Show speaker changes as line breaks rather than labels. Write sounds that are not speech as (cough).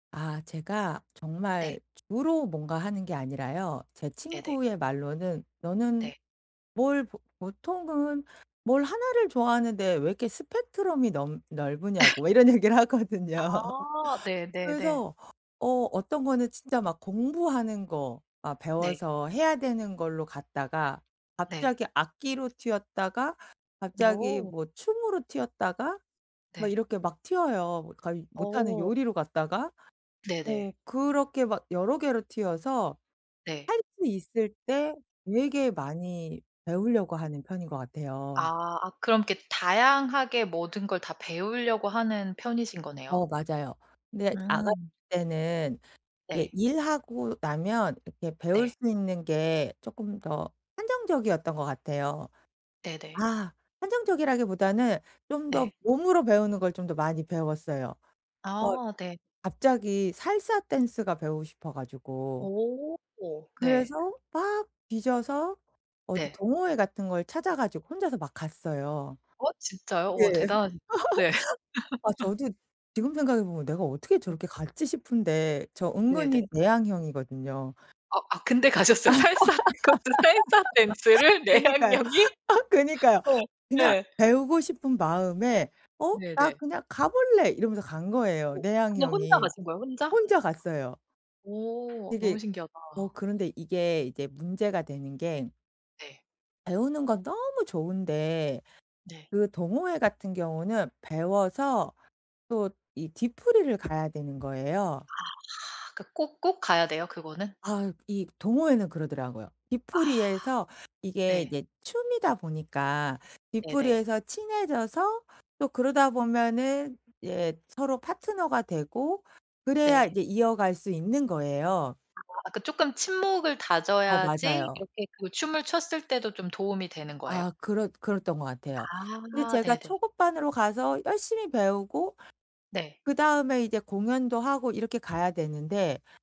아 제가
네.
정말 주로 뭔가 하는 게 아니라요 제
네네.
친구의 말로는 너는
네.
뭘 보 보통은 뭘 하나를 좋아하는데 왜 이렇게 스펙트럼이 넓 넓으냐고 왜
(laughs)
이런 얘기를 하거든요.
아. 네네네.
그래서 어 어떤 거는 진짜 막 공부하는 거 아
네.
배워서 해야 되는 걸로 갔다가
네.
갑자기 악기로 튀었다가 갑자기
어.
뭐 춤으로 튀었다가 막
네.
이렇게 막 튀어요. 거의 못하는
어.
요리로 갔다가 어
네네.
그렇게 막 여러 개로 튀어서
네.
할 수 있을 때 되게 많이 배우려고 하는 편인 것 같아요.
아. 아 그럼 이렇게 다양하게 모든 걸 다 배우려고 하는 편이신 거네요?
어 맞아요. 근데 아가씨
음.
때는 이게
네.
일하고 나면 이렇게 배울
네.
수 있는 게 쪼끔 더 한정적이었던 것 같아요.
네네.
아 한정적이라기보다는 좀 더
네.
몸으로 배우는 걸 좀 더 많이 배웠어요. 어
아. 네.
갑자기 살사 댄스가 배우고 싶어 가지고.
오. 네.
그래서 막 뒤져서 어디
네.
동호회 같은 걸 찾아 가지고 혼자서 막 갔어요.
어? 진짜요?
네.
어
(laughs)
대단하시 (unintelligible) 네.
아
(laughs)
저도 지금 생각해보면 내가 어떻게
음.
저렇게 갔지 싶은데 저
네네.
은근히 내향형이거든요.
어 아 근데 가셨어요? 살사를 그것도 살사
(laughs)
댄스를?
그니까요.
내향형이?
아 그니까요.
어.
그냥
예.
배우고 싶은 마음에 어 '나
네네.
그냥 가 볼래.' 이러면서 간 거예요
어 그냥 혼자
내향형이.
가신 거예요 혼자?
혼자 갔어요.
오. 너무
되게
신기하다.
어 그런데 이게 이제 문제가 되는 게
네.
배우는 건 너무 좋은데
네.
그 동호회 같은 경우는 배워서 또 이 뒷풀이를 가야 되는 거예요.
아 하. 그 꼭 꼭 가야 돼요 그거는?
아 이 동호회는 그러더라고요.
아.
뒷풀이에서 이게
네.
이제 춤이다 보니까
네네.
뒷풀이에서 친해져서 또 그러다 보면은 예 서로 파트너가 되고 그래야
네.
이제 이어갈 수 있는 거예요.
아 그 쪼끔 친목을
어
다져야지
맞아요.
이렇게 그 춤을 췄을 때도 좀 도움이 되는 거예요?
아 그렇 그랬던 것 같아요. 근데
아.
제가
네네.
초급반으로 가서 열심히 배우고
네.
그다음에 이제 공연도 하고 이렇게 가야 되는데